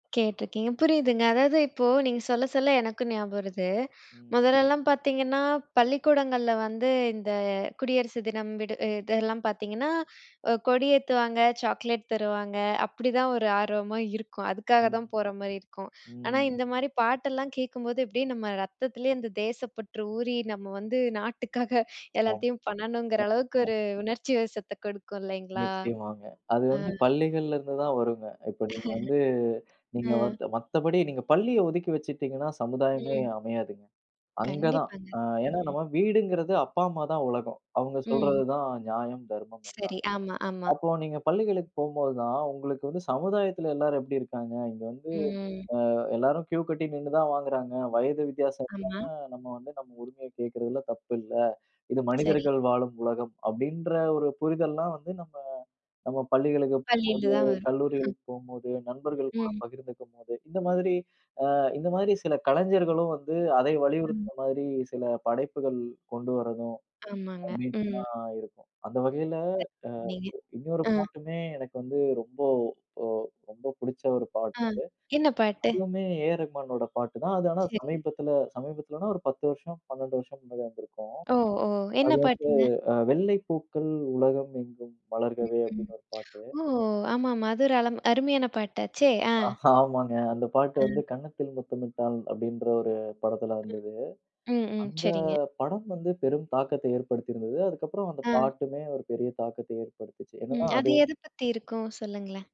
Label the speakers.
Speaker 1: கேட்டுருக்கேன். புரியுதுங்க. அதாவது, இப்போ நீங்க சொல்ல, சொல்ல எனக்கும் ஞாபகம் வருது.
Speaker 2: ம்.
Speaker 1: முதல்லலாம் பார்த்தீங்கன்னா, பள்ளிக்கூடங்கள்ல வந்து, இந்த குடியரசு தினம், விடு இதெல்லாம் பார்த்தீங்கன்னா, ஒ கொடி ஏத்துவாங்க, சாக்லேட் தருவாங்க, அப்படிதான் ஒரு ஆர்வமா இருக்கும். அதுக்காக தான்
Speaker 2: ம்,
Speaker 1: போற மாரி இருக்கும். ஆனா,
Speaker 2: ம்.
Speaker 1: இந்த மாரி பாட்டெல்லாம் கேட்கும்போது, அப்டியே நம்ம ரத்தத்திலேயே, அந்த தேசப்பற்று ஊறி, நம்ம வந்து, நாட்டுக்காக
Speaker 2: ஆ.
Speaker 1: எல்லாத்தையும் பண்ணணுங்கிற,
Speaker 2: அ,
Speaker 1: அளவுக்கு
Speaker 2: அ.
Speaker 1: ஒரு உணர்ச்சி வசத்தை கொடுக்கும். இல்லைங்களா?ஆ.
Speaker 2: நிச்சயமாங்க, அது வந்து, பள்ளிகள்ல இருந்து தான் வரும்ங்க. இப்ப, நீங்க வந்து, நீங்க
Speaker 1: ம்.
Speaker 2: மத் மத்தபடி நீங்க பள்ளிய ஒதுக்கி வச்சிட்டீங்கன்னா, சமுதாயமே
Speaker 1: ம்.
Speaker 2: அமையாதுங்க. அங்க தான்
Speaker 1: கண்டிப்பாங்க,
Speaker 2: அ ஏன்னா
Speaker 1: ம்.
Speaker 2: நம்ம வீடுங்கிறது, அப்பா அம்மா தான் உலகம். அவங்க சொல்றது
Speaker 1: ம்.
Speaker 2: தான் நியாயம், தர்மம் எல்லாமே.
Speaker 1: சரி. ஆமா, ஆமா.
Speaker 2: அப்போ, நீங்க பள்ளிகளுக்கு போம்போது தான், உங்களுக்கு வந்து, சமுதாயத்துல எல்லாரும் எப்படி இருக்காங்க, இங்கே வந்து
Speaker 1: ம்.
Speaker 2: அ எல்லாரும் க்யூ கட்டி நின்னு தான் வாங்குறாங்க, வயது வித்தியாசம் இல்லாம,
Speaker 1: ஆமா.
Speaker 2: நம்ம வந்து நம்ம உரிமைய கேக்கிறதுல தப்பு இல்ல, இது
Speaker 1: சரி.
Speaker 2: மனிதர்கள் வாழும் உலகம், அப்படின்ற ஒரு புரிதல்லாம் வந்து, நம்ம நம்ம பள்ளிகளுக்கு போம்போது,
Speaker 1: பள்ளில தான் வரும்.
Speaker 2: கல்லூரிகளுக்கு போம்போது, நண்பர்கள் கூட
Speaker 1: ம்.
Speaker 2: பகிர்ந்துக்கும் போது, இந்த மாதிரி, அ இந்த மாதிரி சில கலைஞர்களும் வந்து, அதை
Speaker 1: ம்.
Speaker 2: வலியுறுத்துற மாதிரி சில படைப்புகள் கொண்டு வர்றதும்,
Speaker 1: ஆமாங்க, ம்.
Speaker 2: கண்டிப்பா இருக்கும். அந்த வகையில,
Speaker 1: [unintelligible]
Speaker 2: அ
Speaker 1: நீங்க
Speaker 2: இ இன்னொரு
Speaker 1: ம்.
Speaker 2: பாட்டுமே, எனக்கு வந்து ரொம்போ ஒ ரொம்ப பிடிச்ச ஒரு
Speaker 1: ஆ,
Speaker 2: பாட்டு,
Speaker 1: என்ன பாட்டு?
Speaker 2: அதுவுமே ஏஆர் ரகுமானோட பாட்டு தான். அது ஆனா
Speaker 1: சரி.
Speaker 2: சமீபத்தில, சமீபத்துலனா ஒரு 10 வருஷம் 12 வருஷம் முன்னாடி வந்திருக்கும்.
Speaker 1: ஓ! ஓ! என்ன
Speaker 2: அது வந்து
Speaker 1: பாட்டுங்க?
Speaker 2: அ, "வெள்ளைப்பூக்கள் உலகம் எங்கும்
Speaker 1: ம்,
Speaker 2: வளர்கவே"
Speaker 1: ம்.
Speaker 2: அப்டின்னு ஒரு பாட்டு.
Speaker 1: ஓ! ஆமாமா அது ஒரு அளம் அருமையான பாட்டாச்சே! ஆ.
Speaker 2: ஹா, ஆமாங்க. அந்த பாட்டு வந்து,
Speaker 1: அ.
Speaker 2: "கன்னத்தில் முத்தமிட்டால்" அப்படின்ற ஒரு படத்துல வந்தது.
Speaker 1: ம், ம்.
Speaker 2: அந்த
Speaker 1: சரிங்க.
Speaker 2: படம் வந்து பெரும் தாக்கத்தை ஏற்படுத்தி இருந்தது. அதற்கப்புறம், அந்த
Speaker 1: ஆ.
Speaker 2: பாட்டுமே ஒரு பெரிய தாக்கத்தை ஏற்படுத்துச்சு.
Speaker 1: ம்.
Speaker 2: என்னன்னா
Speaker 1: அது
Speaker 2: அது
Speaker 1: எது பத்தி இருக்கும்? சொல்லுங்களேன்.